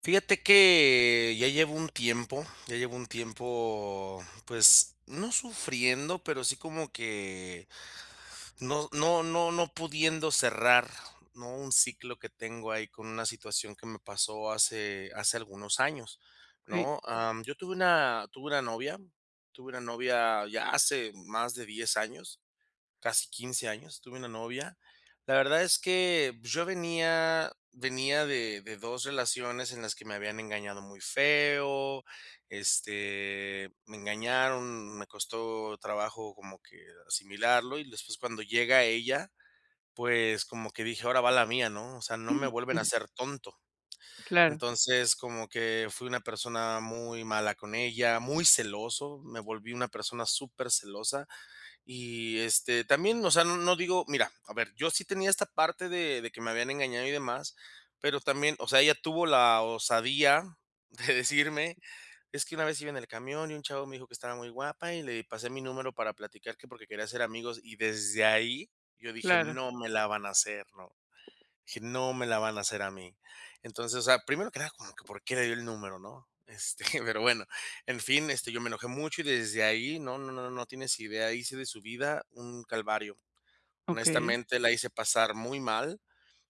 Fíjate que, ya llevo un tiempo ya llevo un tiempo, pues, no sufriendo, pero sí como que no no no no pudiendo cerrar, ¿no?, un ciclo que tengo ahí con una situación que me pasó hace hace algunos años Sí. ¿no?, am, yo tuve una tuve una novia tuve una novia ya hace más de 10 años, casi 15 años tuve una novia. La verdad es que, yo venía venía de de 2 relaciones en las que me habían engañado muy feo, este, me engañaron, me costó trabajo como que asimilarlo, y después cuando llega ella, pues como que dije: "Ahora va la mía", ¿no?, o sea, no me vuelven a [unintelligible] hacer tonto. Claro. Entonces, como que fui una persona muy mala con ella, muy celoso, me volví una persona supercelosa, y este, también, o sea, no no digo, mira, a ver, yo sí tenía esta parte de de que me habían engañado y demás, pero también, o sea, ella tuvo la osadía de decirme: "Es que una vez iba en el camión, y un chavo me dijo 'que estaba muy guapa, y le pasé mi número para platicar', que porque quería hacer amigos", y desde ahí yo dije: Claro. "No me la van a hacer", ¿no?, dije: "No me la van a hacer a mí". Entonces, o sea, primero que nada como que, ¿por qué le dio el número?, ¿no?, este, pero bueno, en fin, este, yo me enojé mucho y desde ahí no no no no tienes idea, hice de su vida un calvario. Okey. Honestamente, la hice pasar muy mal.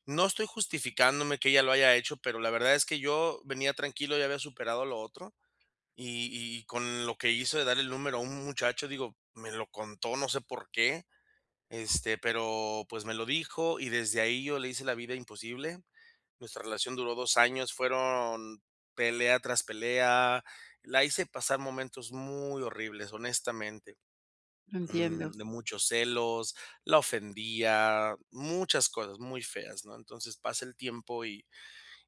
No estoy justificándome que ella lo haya hecho, pero la verdad es que yo venía tranquilo, ya había superado lo otro. Y y con lo que hizo de dar el número a u un muchacho, digo, me lo contó, no sé, ¿por qué?, este, pero, pues, me lo dijo y desde ahí yo le hice la vida imposible. Nuestra relación duró 2 años, fueron pelea tras pelea. La hice pasar momentos muy horribles, honestamente. Mm, Entiendo. de muchos celos, la ofendía, muchas cosas muy feas, ¿no? Entonces, pasa el tiempo y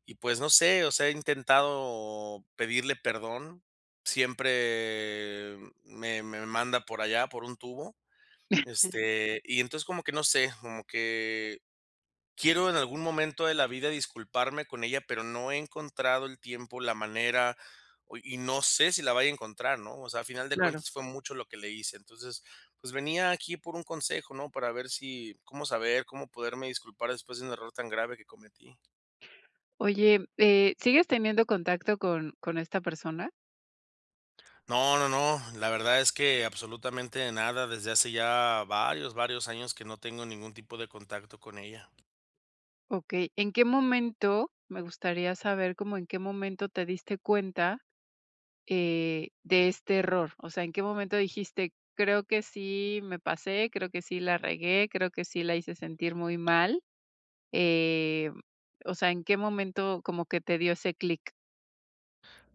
y pues, no sé, o sea, he intentado pedirle perdón. Siempre me me manda por allá, por un tubo. Este, y entonces como que no sé, como que quiero en algún momento de la vida disculparme con ella, pero no he encontrado el tiempo, la manera, oye, y no sé si la vaya a encontrar, ¿no?, o sea, a final de Claro. cuentas fue mucho lo que le hice. Entonces, pues venía aquí por un consejo ¿no?, para ver si, cómo saber, cómo poderme disculpar después de un error tan grave que cometí. Oye, eh, ¿sigues teniendo contacto con con esta persona? No no no, la verdad es que absolutamente nada, desde hace ya varios varios años que no tengo ningún tipo de contacto con ella. Okey, ¿en qué momento?, me gustaría saber como, ¿en qué momento te diste cuenta, eh, de este error?, o sea, ¿en qué momento dijiste: "Creo que sí me pasé, creo que sí la regué, creo que sí la hice sentir muy mal"?, eh, mm, o sea, ¿en qué momento como que te dio ese clic?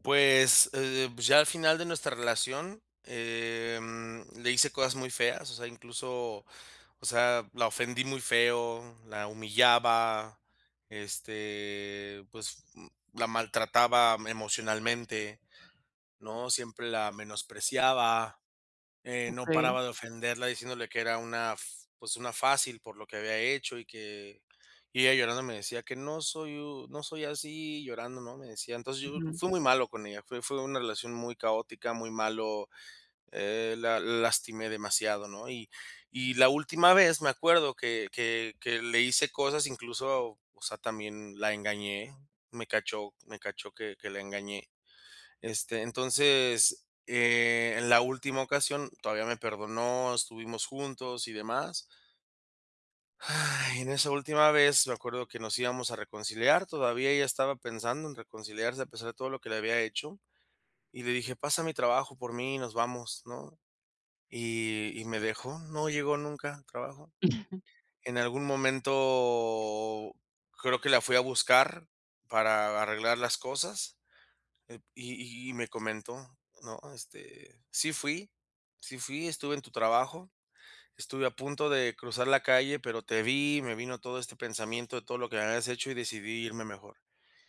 Pues, eh, pues ya al final de nuestra relación, em, le hice cosas muy feas, o sea, incluso, o sea, la ofendí muy feo, la humillaba, este, pues, mm, la maltrataba emocionalmente, ¿no?, siempre la menospreciaba, eh, no Okey. paraba de ofenderla diciéndole que era una f pues, una fácil por lo que había hecho y que y ella llorando me decía: "Que no soy u no soy así, llorando", ¿no?, me decía, entonces, yo Ujú. fui muy malo con ella, fue fue una relación muy caótica, muy malo, eh, la lastimé demasiado, ¿no?, y y la última vez me acuerdo que que que le hice cosas, incluso, o sea, también la engañé, me cachó me cachó que que la engañé. Este, entonces, eh, en la última ocasión todavía me perdonó, estuvimos juntos y demás. Ay, en esa última vez, me acuerdo que nos íbamos a reconciliar, todavía ella estaba pensando en reconciliarse a pesar de todo lo que le había hecho. Y le dije: "Pasa a mi trabajo por mí y nos vamos", ¿no?, y y me dejó, no llegó nunca al trabajo. En algún momento, creo que la fui a buscar para a arreglar las cosas, eh, y y me comentó, ¿no?, este, sí fui sí fui, estuve en tu trabajo, estuve a punto de cruzar la calle, pero te vi, me vino todo este pensamiento de todo lo que me habías hecho, y decidí irme mejor.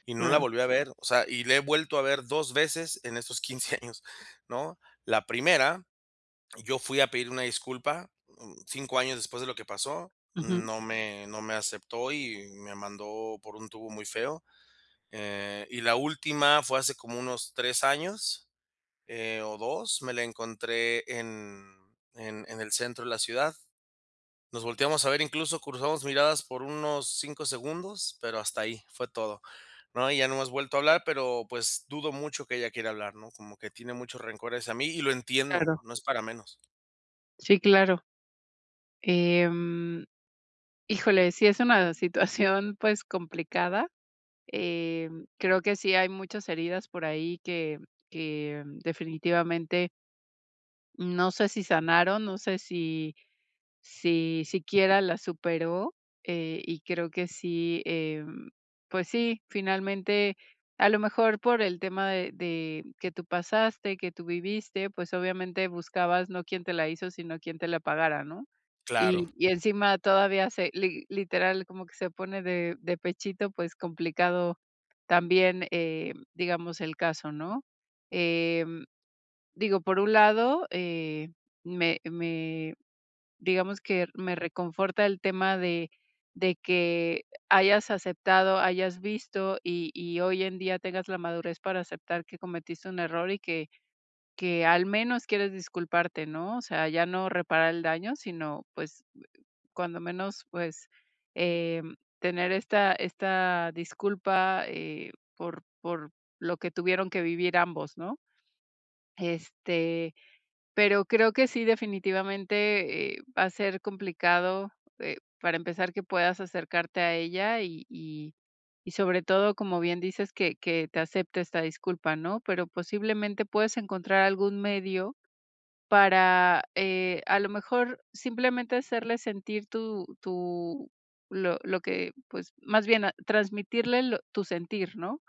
Y no la Claro. volví a ver, o sea, y la he vuelto a ver 2 veces en esos 15 años, ¿no?, la primera, yo fui a pedir una disculpa, mm, 5 años después de lo que pasó, Ujú. no me no me aceptó y me mandó por un tubo muy feo. Eh, y la última fue hace como unos 3 años, eh, o 2 me la encontré en en en el centro de la ciudad. Nos volteamos a ver, incluso cruzamos miradas por unos 5 segundos, pero hasta ahí, fue todo, ¿no?, y ya no hemos Ujú. vuelto a hablar, pero, pues, dudo mucho que ella quiera hablar, ¿no?, como que tiene mucho rencor hacia mí y lo entiendo, Claro. no es para menos. Sí, claro. Em, híjole, sí es una situación, pues, complicada. Em, creo que sí hay muchas heridas por ahí que que definitivamente no sé si sanaron, no sé si, si siquiera la superó, eh, y creo que sí, em, pues sí, finalmente, a lo mejor por el tema de de que tú pasaste, que tú viviste, pues obviamente buscabas no quién te la hizo, sino quién te la pagara, ¿no? Claro. Y y encima todavía se li literal, como que se pone de de pechito, pues, complicado también, eh, digamos, el caso, ¿no? Eh, digo, por un lado, eh, me me, digamos que me reconforta el tema de de que hayas aceptado, hayas visto y y hoy en día tengas la madurez para aceptar que cometiste un error y que que al menos quieres disculparte, ¿no? O sea, ya no reparar el daño, sino, pues, cuando menos, pues, em, tener esta esta disculpa, eh, por por lo que tuvieron que vivir ambos, ¿no? Este, pero creo que sí, definitivamente, eh, va a ser complicado, eh, para empezar que puedas acercarte a ella y y y sobre todo, como bien dices, que que te acepte esta disculpa, ¿no, pero posiblemente puedes encontrar algún medio para, eh, a lo mejor simplemente hacerle sentir tu tu lo lo que, pues, más bien, a transmitirle lo tu sentir, ¿no?,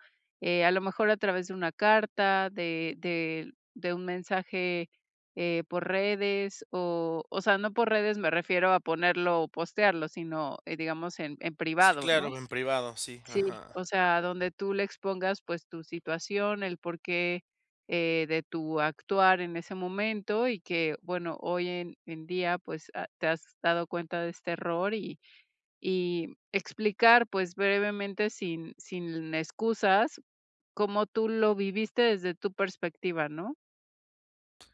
a lo mejor a través de una carta, de de de un mensaje, eh, por redes o o sea, no por redes me refiero a ponerlo o postearlo, sino, eh, digamos, en en Sí, privado, ¿no? claro, en privado, sí, Sí, ajá. o sea, donde tú le expongas, pues, tu situación, el porqué, eh, de tu actuar en ese momento y que, bueno, hoy en en día, pues ha te has dado cuenta de este error y y explicar, pues brevemente, sin sin excusas, cómo tú lo viviste desde tu perspectiva, ¿no?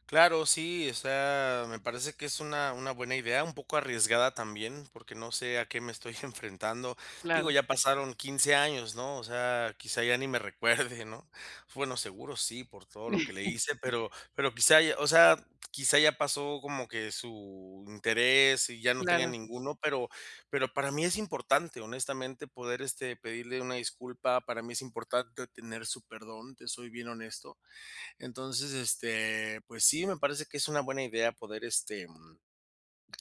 Claro, sí, o sea, me parece que es una una buena idea, un poco arriesgada también, porque no sé a qué me estoy enfrentando. Digo, Claro. ya pasaron 15 años, ¿no?, o sea, quizá ya ni me recuerde, ¿no? Bueno, seguro sí, por todo lo que le hice, pero pero quizá ya, o sea, quizá ya pasó como que su interés y ya no tenga Claro. ninguno, pero pero para mí es importante, honestamente, poder, este, pedirle una disculpa. Para mí es importante tener su perdón, te soy bien honesto. Entonces, este, pues sí, me parece que es una buena idea poder, este, em,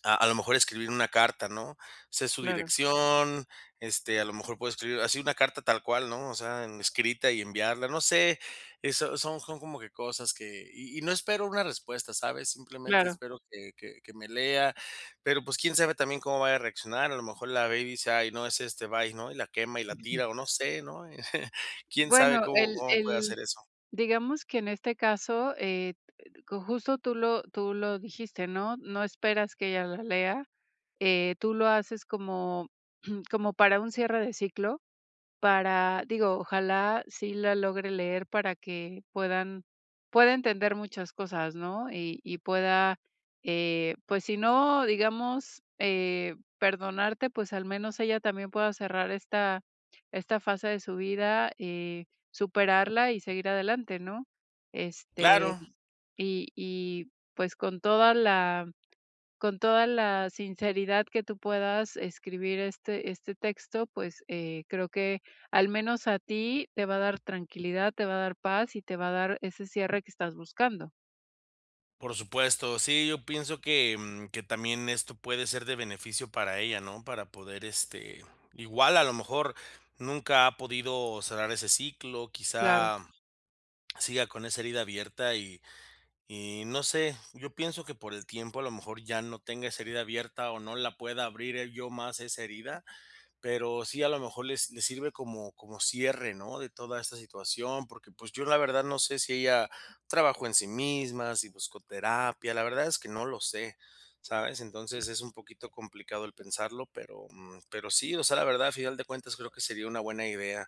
a a lo mejor escribir una carta, ¿no? Sé su Claro. dirección, este, a lo mejor puede escribir así una carta tal cual, ¿no?, o sea, escrita y enviarla, no sé. Eso son son como que cosas que y y no espero una respuesta, ¿sabes?, simplemente Claro. espero que que que me lea. Pero, pues, quién sabe también cómo vaya a reaccionar, a lo mejor la ve y dice: "Ay, no, es este, bye", ¿no?, y la quema y la Ujú. tira, o no sé, ¿no? Quién sabe Bueno, cómo el cómo puede el, ser eso. digamos que, en este caso, eh, co justo tú lo tú lo dijiste, ¿no?, no esperas que ella la lea. Eh, tú lo haces como como para un cierre de ciclo, para digo, ojalá sí la logre leer para que puedan pueda entender muchas cosas, ¿no? Y y pueda, eh, pues, si no, digamos, eh, perdonarte, pues, al menos ella también pueda cerrar esta esta fase de su vida, eh, superarla y seguir adelante, ¿no? Este, Claro. y y, pues, con toda la con toda la sinceridad que tú puedas escribir este este texto, pues, eh, creo que al menos a ti te va a dar tranquilidad, te va a dar paz y te va a dar ese cierre que estás buscando. Por supuesto. Sí, yo pienso que, mm, que también esto puede ser, de beneficio para ella, ¿no? Para poder, este, igual a lo mejor, nunca ha podido cerrar ese ciclo. Claro. Quizá, siga con esa herida abierta, y y no sé. Yo pienso, que por el tiempo, a lo mejor, ya no tenga esa herida abierta, o no la pueda abrir el yo más, esa herida, Pero sí, a lo mejor le s le sirve como como cierre ¿no?, de toda esta situación. Porque pues, yo la verdad, no sé si ella trabajó en sí misma, si buscó terapia. La verdad, es que no lo sé, ¿sabes? Entonces, es un poquito complicado el pensarlo, pero, mm, pero sí, o sea, la verdad, al final de cuentas, creo que sería una buena idea.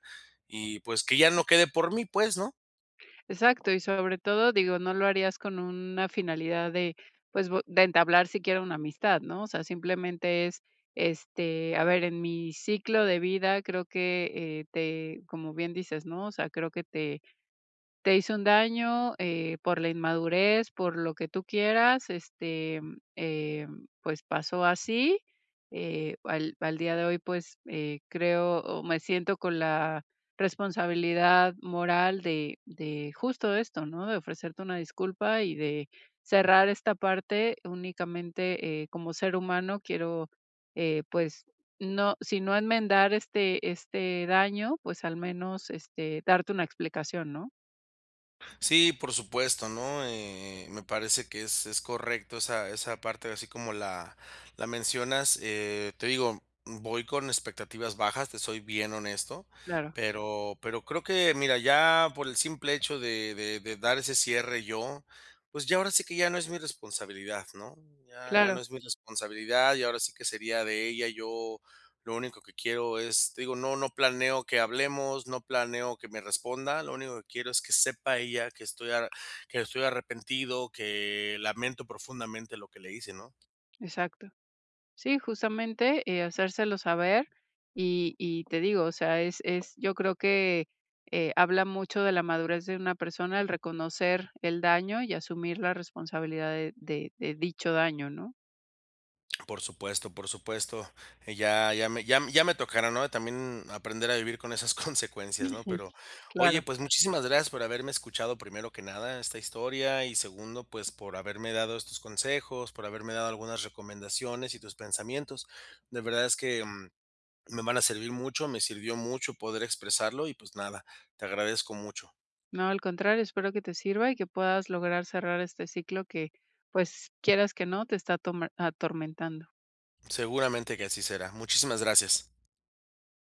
Y pues, que ya no quede por mí, pues, ¿no? Exacto. Y, sobre todo, digo, no lo harías con una finalidad de pues bue de entablar siquiera una amistad, ¿no? O sea, simplemente es, este, a ver: "En mi ciclo de vida, creo que, eh, te". Como bien dices, ¿no? O sea: "Creo que te te hice un daño, eh, por la inmadurez, por lo que tú quieras, este, eh, pues pasó así. Eh, al al día de hoy, pues, eh, creo, o me siento con la responsabilidad moral de de justo esto, ¿no?, de ofrecerte una disculpa, y de cerrar esta parte. Únicamente eh, como ser humano, quiero, eh, pues, no si no enmendar este este daño, pues, al menos, este, darte una explicación", ¿no? Sí, por supuesto, ¿no? Eh, eh, me parece que es es correcto, esa esa parte, así como la la mencionas. Eh, te digo, voy con expectativas bajas, te soy bien honesto. Claro. Pero pero creo que Mira, ya por el simple hecho de de de dar ese cierre yo, pues, ya ahora sí, que ya no es mi responsabilidad, ¿no? Ya ya no Claro. es mi responsabilidad. Ya ahora sí, que sería de ella. Yo lo único que quiero, es te digo, no no planeo que hablemos, no planeo que me responda. Lo único que quiero es que sepa ella que estoy a que estoy arrepentido. Que lamento profundamente lo que le hice, ¿no? Exacto. Sí, justamente, eh, hacérselo saber. Y y te digo, o sea, es es Yo creo que, eh, habla mucho de la madurez de una persona el reconocer el daño y asumir la responsabilidad de de de dicho daño, ¿no? Por supuesto, por supuesto. Eh, ya ya me ya ya me tocará, ¿no? También aprender a vivir con esas consecuencias ¿no?, pero oye, Claro. pues, muchísimas gracias por haberme escuchado, primero que nada, esta historia. Y segundo, pues, por haberme dado estos consejos, por haberme dado algunas recomendaciones y tus pensamientos. De verdad, es que mm, me van a servir mucho. Me sirvió mucho poder expresarlo y, pues, nada. Te agradezco mucho. No, al contrario. Espero que te sirva, y que puedas lograr, cerrar este ciclo que pues, quieras que no, te está atome atormentando. Seguramente que así será. Muchísimas gracias.